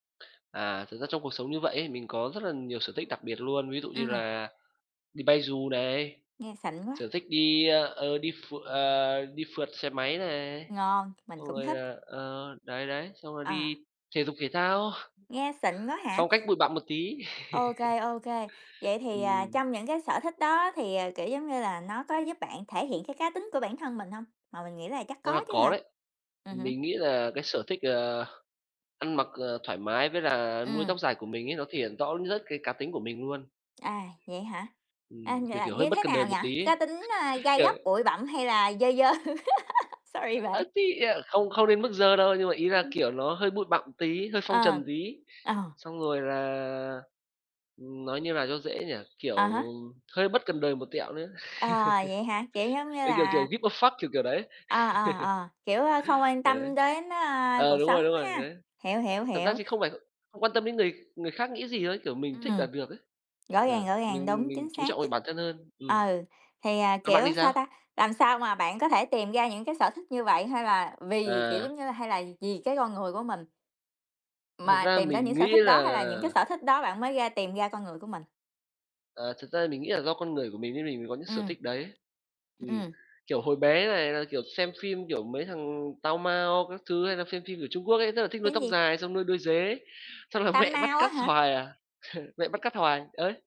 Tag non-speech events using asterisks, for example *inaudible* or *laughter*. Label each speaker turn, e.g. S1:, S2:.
S1: À, thực ra trong cuộc sống như vậy ấy, mình có rất là nhiều sở thích đặc biệt luôn, ví dụ như
S2: Ừm.
S1: là đi bay dù này,
S2: Nghe xịn quá.
S1: sở thích đi, ơ, ờ, đi ph ờ, đi phượt xe máy này,
S2: Ngon, mình
S1: xong
S2: cũng
S1: rồi
S2: thích.
S1: là ờ, đấy, đấy, xong rồi đi
S2: À.
S1: thể dục thể thao.
S2: Nghe xịn quá hả?
S1: Phong cách bụi bặm một tí.
S2: Ô
S1: *laughs*
S2: kê, ô kê, vậy thì, à,
S1: Ừm.
S2: trong những cái sở thích đó thì, ờ, kiểu giống như là, nó có giúp bạn thể hiện cái cá tính của bản thân mình hông? Mà mình nghĩ là chắc
S1: Ra là
S2: có chứ
S1: có
S2: hả?
S1: đấy.
S2: Ừm hứm.
S1: Mình nghĩ là cái sở thích, ờ, ăn mặc, ờ, thoải mái với là nuôi
S2: Ừm.
S1: tóc dài của mình ấy, nó thể hiện rõ nhất cái cá tính của mình luôn.
S2: À, vậy hả? À,
S1: Ừm, kiểu,
S2: là
S1: kiểu, hơi
S2: như
S1: bất
S2: thế
S1: cần đời
S2: nào nhỉ?
S1: một tí ấy.
S2: Cá tính, a,
S1: *laughs*
S2: gai
S1: Kiểu
S2: góc, bụi bặm hay là dơ dơ? *laughs* Sorry bạn.
S1: À, thì, à, không không đến mức dơ đâu, nhưng mà ý
S2: *laughs*
S1: là,
S2: Ừm.
S1: kiểu, nó hơi bụi bặm tí, hơi phong
S2: Ờ.
S1: trần tí.
S2: Ờ.
S1: Xong rồi là, nói như nào cho dễ nhỉ, kiểu,
S2: À há.
S1: hơi bất cần đời một tẹo nữa.
S2: Ờ, vậy hả? Kiểu
S1: *laughs*
S2: giống như
S1: Kiểu, kiểu, kiểu,
S2: là
S1: "give a fuck", kiểu kiểu đấy.
S2: ờ, ờ, ờ, kiểu, à, không
S1: *laughs*
S2: quan
S1: Ừ.
S2: tâm đến,
S1: À
S2: a, cuộc
S1: đúng
S2: sống
S1: rồi, đúng rồi,
S2: ha.
S1: đấy.
S2: Hiểu, hiểu,
S1: Thật ra
S2: hiểu.
S1: thì không phải không quan tâm đến người người khác nghĩ gì thôi. Kiểu, mình thích là
S2: Ừm,
S1: được ấy.
S2: rõ ràng,
S1: Ừ,
S2: rõ ràng,
S1: mình
S2: đúng,
S1: mình
S2: chính
S1: chú
S2: xác.
S1: trọng về bản thân hơn. Ừm.
S2: Ừ, thì, à,
S1: Còn bạn
S2: kiểu,
S1: thì
S2: sao
S1: sao?
S2: ta, làm sao mà bạn có thể tìm ra những cái sở thích như vậy hay là vì, kiểu
S1: À.
S2: giống như là, hay là vì cái con người của mình
S1: Thật
S2: mà
S1: ra
S2: tìm ra
S1: mình
S2: những sở
S1: nghĩ
S2: thích đó
S1: là
S2: hay là những cái sở thích đó bạn mới ra tìm ra con người của mình?
S1: À, thật ra mình nghĩ là do con người của mình nên mình mới có những sở
S2: Ừm.
S1: thích đấy. Ừm.
S2: Ừm.
S1: Kiểu, hồi bé này là, kiểu, xem phim, kiểu, mấy thằng Tao Mao các thứ hay là xem phim của Trung Quốc ấy, rất là thích nuôi
S2: Phim
S1: tóc
S2: gì?
S1: dài xong nuôi đuôi dế. Xong là
S2: Tam
S1: mẹ bắt
S2: Mao á
S1: cắt
S2: hả?
S1: hoài à, *laughs* mẹ bắt cắt hoài, đấy.